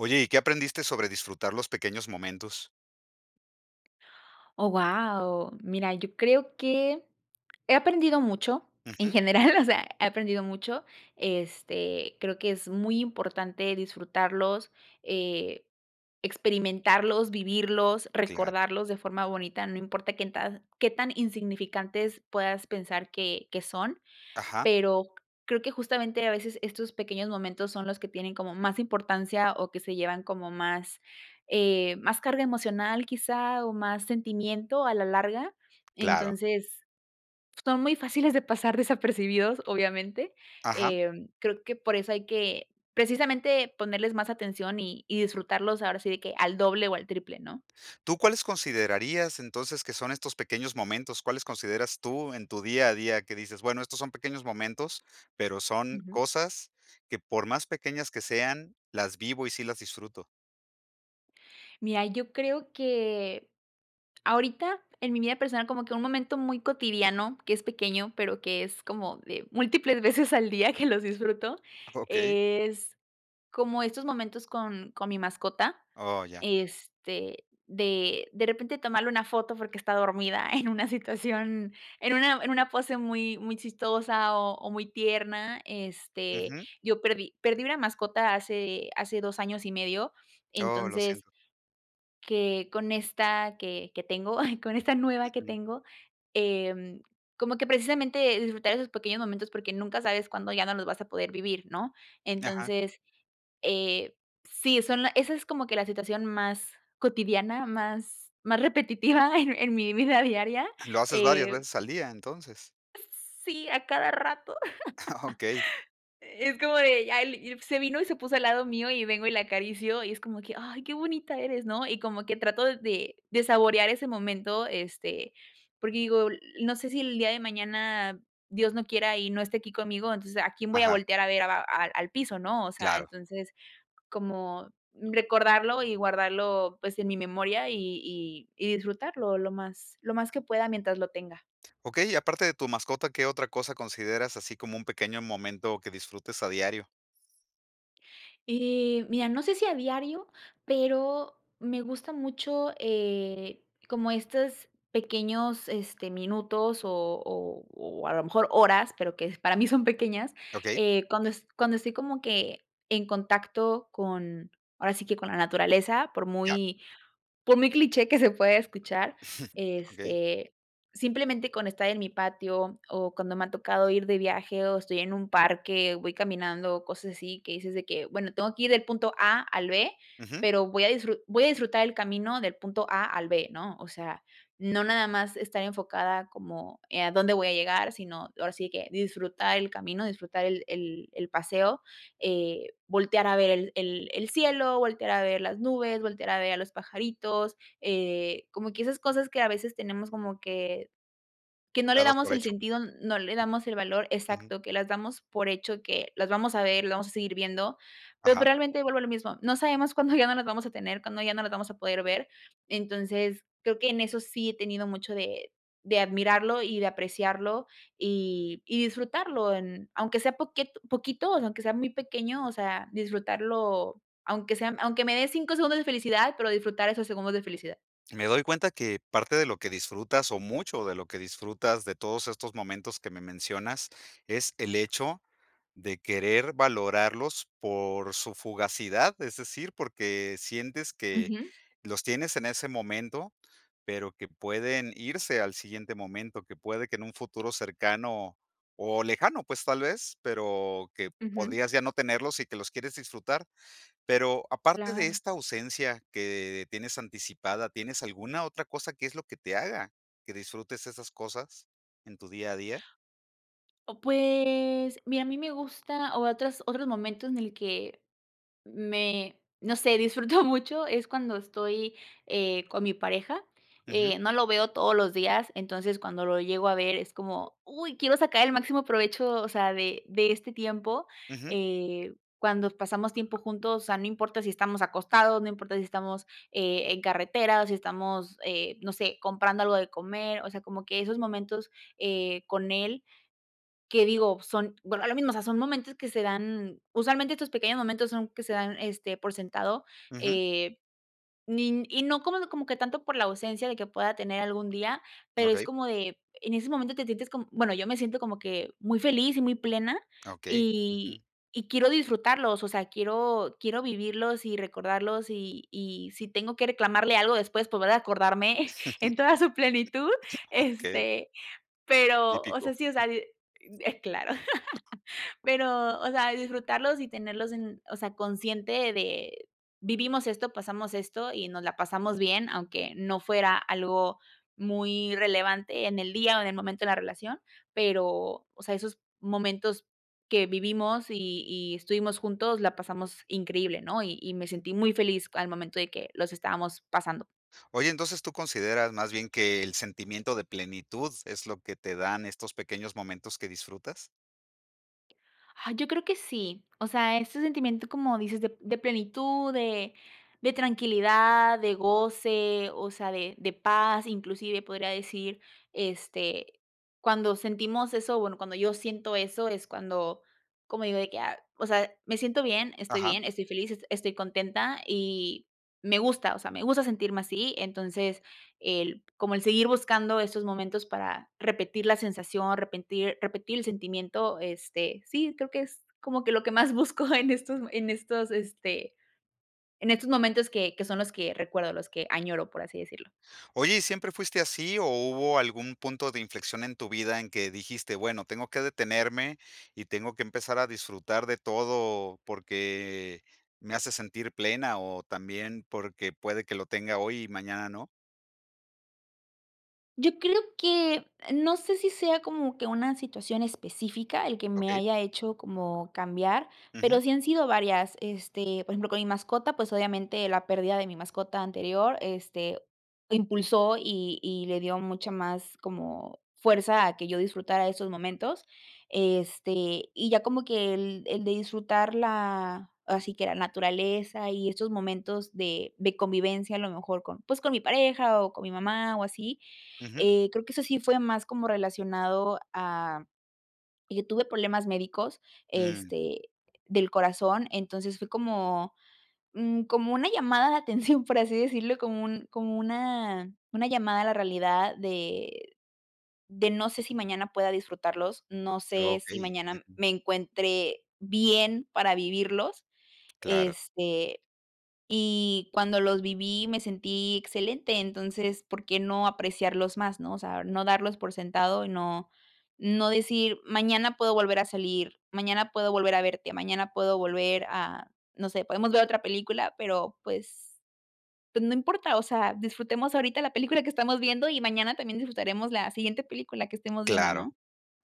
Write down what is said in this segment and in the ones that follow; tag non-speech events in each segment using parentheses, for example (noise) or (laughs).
Oye, ¿y qué aprendiste sobre disfrutar los pequeños momentos? ¡Oh, guau! Mira, yo creo que he aprendido mucho en Ujú. general, o sea, he aprendido mucho, este, creo que es muy importante disfrutarlos, eh, experimentarlos, vivirlos, Claro. recordarlos de forma bonita, no importa qué en ta qué tan insignificantes puedas pensar que que son. Ajá. Pero, creo que justamente a veces estos pequeños momentos son los que tienen como más importancia o que se llevan como más, eh, más carga emocional, quizá, o más sentimiento a la larga. Claro. Entonces, son muy fáciles de pasar desapercibidos, obviamente, Ajá. em, creo que por eso hay que, precisamente, ponerles más atención y y disfrutarlos, ahora sí de que, al doble o al triple, ¿no? ¿Tú cuáles considerarías entonces, que son estos pequeños momentos? ¿Cuáles consideras tú en tu día a día?, que dices: "Bueno, estos son pequeños momentos, pero son Ujú. cosas que por más pequeñas que sean las vivo y sí las disfruto". Mira, yo creo que, ahorita en mi vida personal, como que, un momento muy cotidiano que es pequeño, pero que es como de múltiples veces al día que los disfruto, Okey. es, como estos momentos con con mi mascota, Oh, ya. este, de de repente tomarle una foto porque está dormida en una situación en una en una pose muy, muy chistosa, o o muy tierna, este, Ujú. yo perdí perdí una mascota hace hace 2 años y medio, Oh, lo entonces siento. que con esta que que tengo, con esta nueva que Ujú. tengo, em, como que precisamente el disfrutar de esos pequeños momentos porque nunca sabes cuándo ya no los vas a poder vivir, ¿no?, Ajá. entonces, eh, sí, son la esa es como que la situación más cotidiana, más más repetitiva en mi vida diaria, ¿Lo haces varias eh veces al día, entonces? Sí, a cada rato, (chuckles) Okey. (laughs) es como de ya al ip se vino y se puso al lado mío y vengo y la acaricio y es como que: "Ay, qué bonita eres", ¿no?, y como que trato de de saborear ese momento, este, porque digo, l no sé si el día de mañana, Dios no quiera y no esté aquí conmigo, entonces, ¿a quién voy a Ajá. voltear a ver? a al al piso, ¿no?, o sea, Claro. entonces como recordarlo y guardarlo, pues, en mi memoria y y y disfrutarlo lo más lo más que pueda mientras lo tenga. Okey, y aparte de tu mascota, ¿qué otra cosa consideras así como un pequeño momento que disfrutes a diario? Y, mira, no sé si a diario, pero me gusta mucho, eh, como estos pequeños, este, minutos o o o a lo mejor horas, pero que para mí son pequeñas, Okey. eh, cuando es cuando estoy como que, en contacto con ahora sí que con la naturaleza, por Ya. muy por muy cliché que se pueda escuchar, (chuckles) Okey. este, simplemente con estar en mi patio, o cuando me ha tocado ir de viaje o estoy en un parque o voy caminando, cosas así, que dices de que: "Bueno, tengo que ir del punto A al B, Ujú. pero voy a disfru voy a disfrutar el camino del punto A al B", ¿no? O sea, no nada más estar enfocada como, eh, a dónde voy a llegar, sino ahora sí que, disfrutar el camino, disfrutar el el el paseo, eh, voltear a ver el el el cielo, voltear a ver las nubes, voltear a ver a los pajaritos, eh, como que esas cosas, que a veces tenemos como que que no le Dados damos por el hecho. sentido, no le damos el valor Ujú. Exacto, que las damos por hecho que, las vamos a ver, lo vamos a seguir viendo, pero pues Ajá. realmente vuelvo a lo mismo, no sabemos cuándo ya no las vamos a tener, cuando ya no las vamos a poder ver, entonces creo que en eso sí he tenido mucho de de admirarlo y de apreciarlo, y y disfrutarlo, en aunque sea poquet poquito, aunque sea muy pequeño, o sea, disfrutarlo, aunque sean aunque me de 5 segundos de felicidad, pero disfrutar esos segundos de felicidad. Me doy cuenta que parte de lo que disfrutas, o mucho de lo que disfrutas de todos estos momentos que me mencionas, es el hecho de querer valorarlos por su fugacidad, es decir, porque sientes que Ujú. los tienes en ese momento, pero que pueden irse al siguiente momento, que puede que en un futuro cercano o lejano, pues tal vez, pero que Ujú. podrías ya no tenerlos y que los quieres disfrutar. Pero aparte de Claro. esta ausencia que tienes anticipada, ¿tienes alguna otra cosa que es lo que te haga que disfrutes esas cosas en tu día a día? O pues mira, a mí me gusta o otras otros momentos en el que me no sé, disfruto mucho, es cuando estoy, eh, con mi pareja, Ujú. eh, no lo veo todos los días, entonces, cuando lo llego a ver es como, uy, quiero sacar el máximo provecho o sea, de de este tiempo, Ujú. eh, cuando pasamos tiempo juntos, o sea, no importa si estamos acostados, no importa si estamos, eh, en carretera o si estamos, eh, no sé, comprando algo de comer, o sea, como que esos momentos, eh, con él, que digo son bueno, lo mismo, o sea, son momentos que se dan usualmente estos pequeños momentos son que se dan, este, por sentado, Ujú. eh, ni y no como como que tanto por la ausencia de que pueda tener algún día. Pero es Okey. como de en ese momento te sientes como bueno, yo me siento como que muy feliz y muy plena Ah, okey. Ujú. y y quiero disfrutarlos, o sea, quiero quiero vivirlos y recordarlos y y si tengo que reclamarle algo después, volver a acordarme (chuckles) en toda su plenitud, (chuckles) Okey. este, pero o sea, Típico. sí, o sea d eh, claro, (chuckles) pero o sea, disfrutarlos y tenerlos en, o sea, consciente de vivimos esto, pasamos esto y nos la pasamos bien, aunque no fuera algo muy relevante en el día o en el momento de la relación. Pero, o sea, esos momentos que vivimos y y estuvimos juntos, la pasamos increíble, ¿no? Y y me sentí muy feliz al momento de que los estábamos pasando. Oye, entonces, ¿tú consideras más bien que el sentimiento de plenitud es lo que te dan estos pequeños momentos que disfrutas? Ah, yo creo que sí. O sea, ese sentimiento, como dices de de plenitud, de de tranquilidad, de goce, o sea, de de paz. Inclusive podría decir, este, cuando sentimos eso, bueno, cuando yo siento eso, es cuando como digo de que: "Ah, o sea, me siento bien, estoy Ajá. bien, estoy feliz, es estoy contenta", y, me gusta, o sea, me gusta sentirme así, entonces, el como el seguir buscando estos momentos para repetir la sensación, repentir repetir el sentimiento, este, sí, creo que es como que lo que más busco en estos en estos, este, en estos momentos que que son los que recuerdo, los que añoro, por así decirlo. Oye, ¿y siempre fuiste así o hubo algún punto de inflexión en tu vida en que dijiste: "Bueno, tengo que detenerme y tengo que empezar a disfrutar de todo porque me hace sentir plena o también porque puede que lo tenga hoy y mañana no"? Yo creo que no sé si sea como que una situación específica el que me Okey. haya hecho como cambiar, pero Ujú. sí han sido varias, este, por ejemplo, con mi mascota, pues obviamente la pérdida de mi mascota anterior, este, lo impulsó y y le dio mucha más como fuerza a que yo disfrutara de esos momentos, este, y ya como que el el de disfrutar la así que la naturaleza y estos momentos de de convivencia, a lo mejor con pues con mi pareja o con mi mamá o así, Ujú. eh, creo que eso sí fue más como relacionado a Yo tuve problemas médicos, Mm. este, del corazón, entonces fue como, mm, como una llamada de atención, por así decirlo, como un como una una llamada a la realidad de de no sé si mañana pueda disfrutarlos, no sé si Okey, mañana ujú. me encuentre bien para vivirlos, Claro. este, y cuando los viví, me sentí excelente, entonces, ¿por qué no apreciarlos más?, ¿no?, o sea, no darlos por sentado y no no decir: "Mañana puedo volver a salir, mañana puedo volver a verte, mañana puedo volver a no sé, podemos ver otra película, pero pues pues no importa", o sea, disfrutemos ahorita la película que estamos viendo y mañana también disfrutaremos la siguiente película que estemos viendo, Claro. ¿no?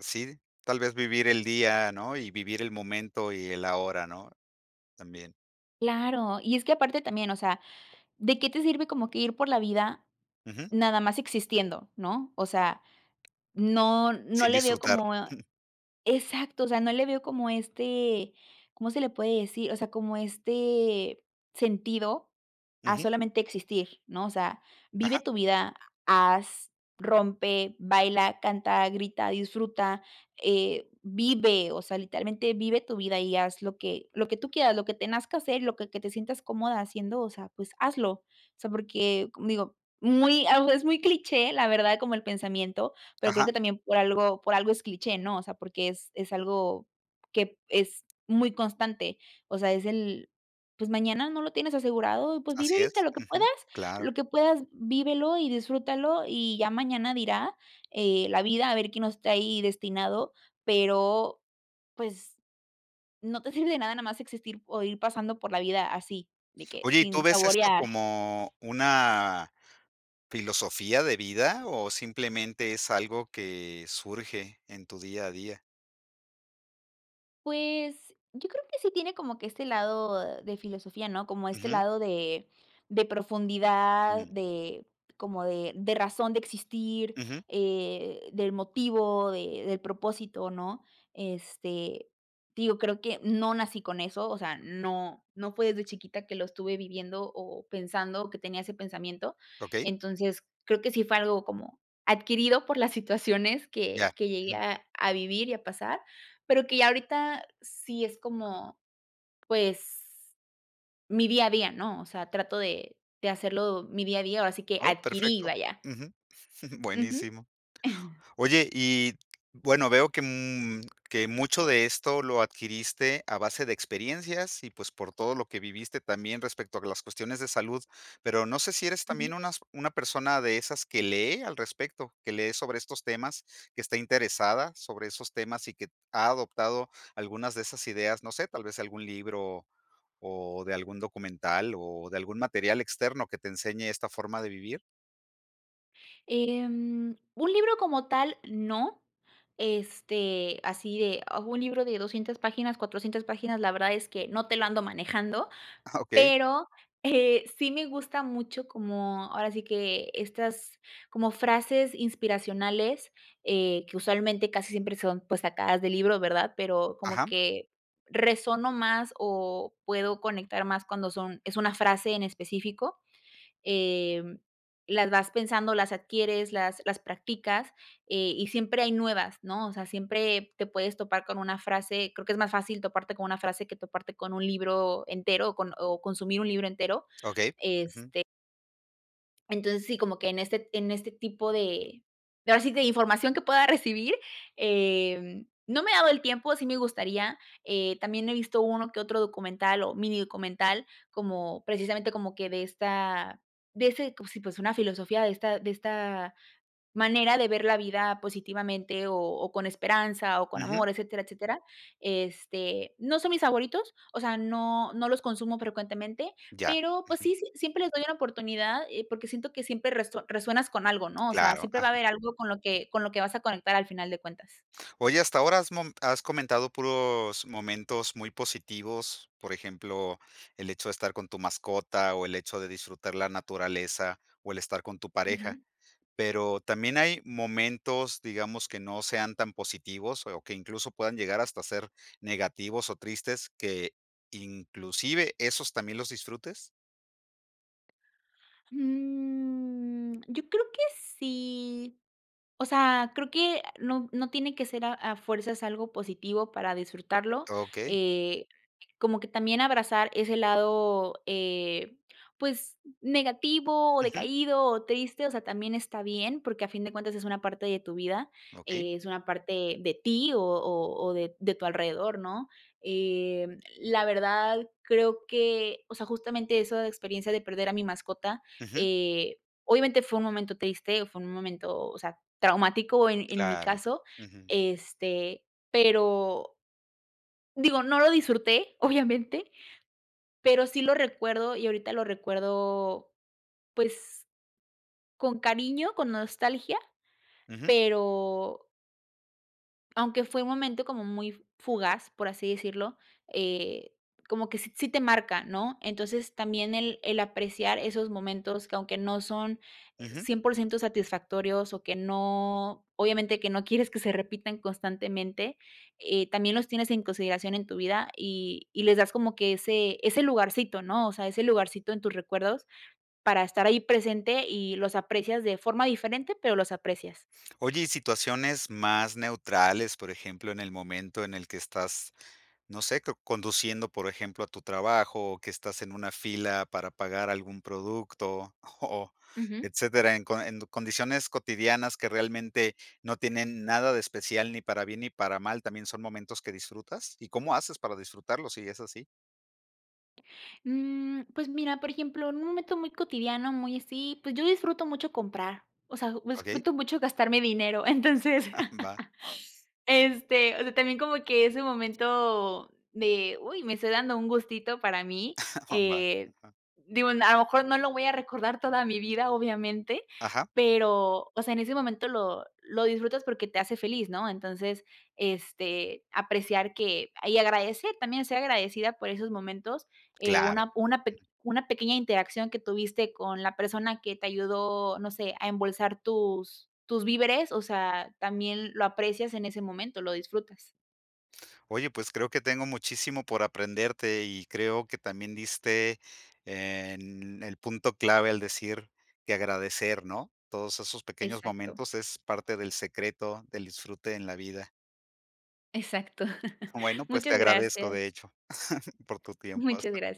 Sí, tal vez vivir el día, ¿no?, y vivir el momento y el ahora, ¿no?, también. Claro, y es que aparte, también, o sea, ¿de qué te sirve como que ir por la vida Ujú. nada más existiendo, no?, o sea, no no Sin le veo disfrutar, como, eh jum. exacto. O sea, no le veo como, este ¿cómo se le puede decir?, o sea, como este sentido, a Ujú. solamente existir, ¿no? O sea, vive Ajá. tu vida, ha haz, rompe, baila, canta, grita, disfruta, eh, vive, o sea, literalmente vive tu vida y haz lo que lo que tú quieras, lo que nazca que hacer y lo que que te sientas cómoda haciendo, o sea, pues, hazlo. O sea, porque com digo, muy ah, u es muy cliché, la verdad, como el pensamiento, pero creo Ajá. que también por algo por algo es cliché, ¿no?, o sea, porque es es algo que es muy constante, o sea, es el, pues, mañana no lo tienes asegurado, pues, vive Así es, ahorita lo que puedas, ujú, claro. lo que puedas, vívelo y disfrútalo y ya mañana dirá, eh, la vida a ver qué nos trae destinado, pero, pues, no te sirve de nada nomás existir o ir pasando por la vida así, de que, Oye, ¿y tú sin ves esto saborear. como una filosofía de vida o simplemente es algo que surge en tu día a día? Pues yo creo que sí tiene como que este lado de filosofía, ¿no? Como este Ujú. lado de de profundidad Mm. de como de de razón de existir, Ujú. eh, del motivo, de del propósito, ¿no?, este, digo, creo que no nací con eso, o sea, no no fue desde chiquita que lo estuve viviendo o pensando, o que tenía ese pensamiento, Okey. entonces, creo que sí fue algo como adquirido por las situaciones que Ya, que llegué ujú. a a vivir y a pasar pero que ya ahorita sí es como, pues, mi día a día, ¿no? O sea, trato de de hacerlo mi día a día, ahora sí que, Oh, adquirí, perfecto. vaya. Ujú. (chuckles) Ujú. Buenísimo. (chuckles) Oye, y bueno, veo que, mm, que mucho de esto lo adquiriste a base de experiencias y pues por todo lo que viviste también respecto a las cuestiones de salud, pero no sé si eres Ujú. también unas una persona de esas que lee al respecto, que lee sobre estos temas, que está interesada sobre esos temas y que ha adoptado algunas de esas ideas, no sé, tal vez algún libro o de algún documental o de algún material externo que te enseñe esta forma de vivir. Em, un libro como tal, no, este, así de a un libro de 200 páginas, 400 páginas, la verdad es que no te lo ando manejando, Ah, okey. pero, eh, sí, me gusta mucho como ahora sí que, estas, como frases inspiracionales, eh, que usualmente, casi siempre, son pues sacadas de libro, ¿verdad? Pero como Ajá. que, resueno más o puedo conectar más cuando son es una frase en específico, em, las vas pensando, las adquieres, las las practicas, eh, y siempre hay nuevas, ¿no? O sea, siempre te puedes topar con una frase creo que es más fácil toparte con una frase que toparte con un libro entero o con o consumir un libro entero, Okey, ujú. este entonces sí, como que en este en este tipo de de, ahora sí, de información que pueda recibir, em, no me ha dado el tiempo, sí, me gustaría, eh, también he visto uno que otro documental o minidocumental como precisamente como que de esta de ese cos y pues una filosofía de esta de esta manera de ver la vida positivamente o o con esperanza o con Ujú. amor, etcétera, etcétera, este, no son mis favoritos, o sea, no no los consumo frecuentemente, Ya, pero pues ujú. sí sí s siempre les doy una oportunidad, eh, porque siento que siempre reso resuenas con algo, ¿no? O sea, Claro, siempre va a ajá. haber algo con lo que con lo que vas a conectar al final de cuentas. Oye, hasta ahora has mom has comentado puros momentos muy positivos, por ejemplo, el hecho de estar con tu mascota o el hecho de disfrutar la naturaleza o el estar con tu pareja, Ujú. pero también, ¿hay momentos, digamos que no sean tan positivos o que incluso puedan llegar hasta a ser negativos o tristes, que inclusive esos también los disfrutes? Mm, yo creo que sí, o sea, creo que no no tiene que ser a a fuerzas algo positivo para disfrutarlo, Okey. eh, como que también abrazar ese lado, eh, pues negativo o Ujú. decaído o triste, o sea, también está bien, porque a fin de cuentas es una parte de tu vida, Okey. eh, es una parte de ti o o o de de tu alrededor, ¿no?, eh, la verdad, creo que, o sea, justamente eso de experiencia de perder a mi mascota, Ujú. eh, obviamente fue un momento triste, fue un momento, o sea, traumático, eh, en mi Claro, caso, ujú. este, pero digo, no lo disfruté obviamente, pero sí lo recuerdo. y ahorita lo recuerdo, pues, con cariño, con nostalgia, Ujú. pero aunque fue un momento como muy fugaz, por así decirlo, eh, como que sí sí te marca, ¿no?, entonces también el el apreciar esos momentos que aunque no son Ujú. 100% satisfactorios o que no obviamente que no quieres que se repitan constantemente, eh, también los tienes en consideración en tu vida y y les das como que ese ese lugarcito, ¿no?, o sea, ese lugarcito en tus recuerdos para estar ahí presente y los aprecias, de forma diferente, pero los aprecias. Oye y situaciones más neutrales, por ejemplo, en el momento en el que estás, no sé, co conduciendo, por ejemplo, a tu trabajo o que estás en una fila para pagar algún producto o Ujú. etcétera, en co en condiciones cotidianas que realmente no tienen nada de especial ni para bien ni para mal, ¿también son momentos que disfrutas?, ¿y cómo haces para disfrutarlo, si es así? Mm, pues mira, por ejemplo, en un momento muy cotidiano, muy así, pues yo disfruto mucho comprar, o sea, Okey. disfruto mucho gastarme dinero, entonces, (chuckles) Va. (laughs) este, o sea, también como que ese momento de: "Uy, me estoy dando un gustito para mí", (chuckles) Va. eh, Ajá. digo, a lo mejor no lo voy a recordar toda mi vida, obviamente, Ajá. pero, o sea, en ese momento lo lo disfrutas porque te hace feliz, ¿no?, entonces, este, apreciar que y agradecer, también ser agradecida por esos momentos, eh, Claro. una una pe una pequeña interacción que tuviste con la persona que te ayudó, no sé, a embolsar tus tus víveres, o sea, también lo aprecias en ese momento, lo disfrutas. Oye, pues creo que tengo muchísimo por aprenderte y creo que también diste en el punto clave, al decir que agradecer, ¿no?, todos esos pequeños Exacto. momentos es parte del secreto del disfrute en la vida. Exacto. (chuckles) Bueno, pues te Muchas agradezco, de gracias. hecho, (chuckles) por tu tiempo Muchas hasta. gracias.